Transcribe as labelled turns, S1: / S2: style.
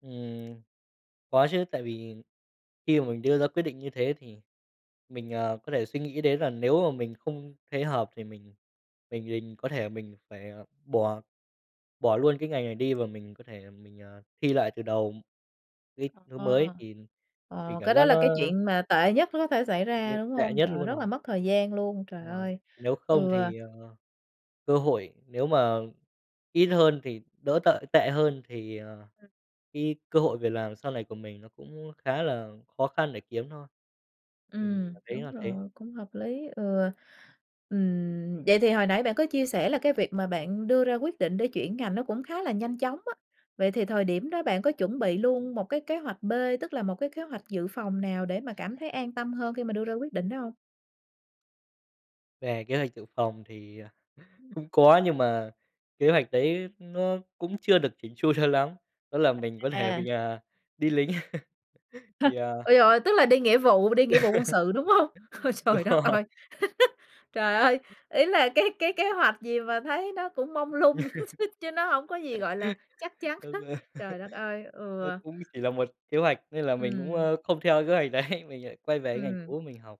S1: Ừm, có chứ, tại vì khi mà mình đưa ra quyết định như thế thì mình, ờ, có thể suy nghĩ đến là nếu mà mình không thấy hợp thì mình mình mình có thể mình phải bỏ bỏ luôn cái ngành này đi và mình có thể mình, ờ, thi lại từ đầu cái thứ mới
S2: Ờ.
S1: thì thì mình
S2: Ờ,
S1: cảm
S2: cái đó
S1: giác
S2: là
S1: nó
S2: cái chuyện mà tệ nhất có thể xảy ra,
S1: Vậy
S2: đúng
S1: tệ
S2: hông?
S1: nhất
S2: Trời ơi,
S1: luôn
S2: rất là
S1: rồi.
S2: mất thời gian luôn, trời
S1: Ờ,
S2: ơi!
S1: nếu không
S2: Ừ.
S1: thì, ờ, cơ hội nếu mà ít hơn thì đỡ tợi tệ hơn thì, à, cái cơ hội việc làm sau này của mình nó cũng khá là khó khăn để kiếm thôi. Mình
S2: Ừm,
S1: cảm thấy
S2: đúng
S1: là thế.
S2: rồi, cũng hợp lý, ừ. Ừm, vậy thì hồi nãy bạn có chia sẻ là cái việc mà bạn đưa ra quyết định để chuyển ngành nó cũng khá là nhanh chóng á. Vậy thì thời điểm đó bạn có chuẩn bị luôn một cái kế hoạch B, tức là một cái kế hoạch dự phòng nào để mà cảm thấy an tâm hơn khi mà đưa ra quyết định đó hông?
S1: Về kế hoạch dự phòng thì
S2: Ừm.
S1: cũng có nhưng mà kế hoạch đấy nó cũng chưa được chỉn chu cho lắm, đó là mình có thể
S2: À.
S1: mình, à, đi lính! Thì à
S2: Ôi trời ơi! Tức là đi nghĩa vụ đi nghĩa vụ quân sự đúng hông? Ôi,
S1: Đúng
S2: trời đất
S1: rồi.
S2: ơi! Trời ơi! Ý là cái cái kế hoạch gì mà thấy nó cũng mông lung, chứ nó hông có gì gọi là chắc chắn
S1: Đúng
S2: hết!
S1: rồi!
S2: Trời đất ơi!
S1: Nó
S2: Ừ.
S1: cũng chỉ là 1 kế hoạch nên là mình cũng,
S2: Ừm.
S1: ờ, không theo kế hoạch đấy, mình lại quay về cái ngành
S2: Ừm.
S1: cũ mình học.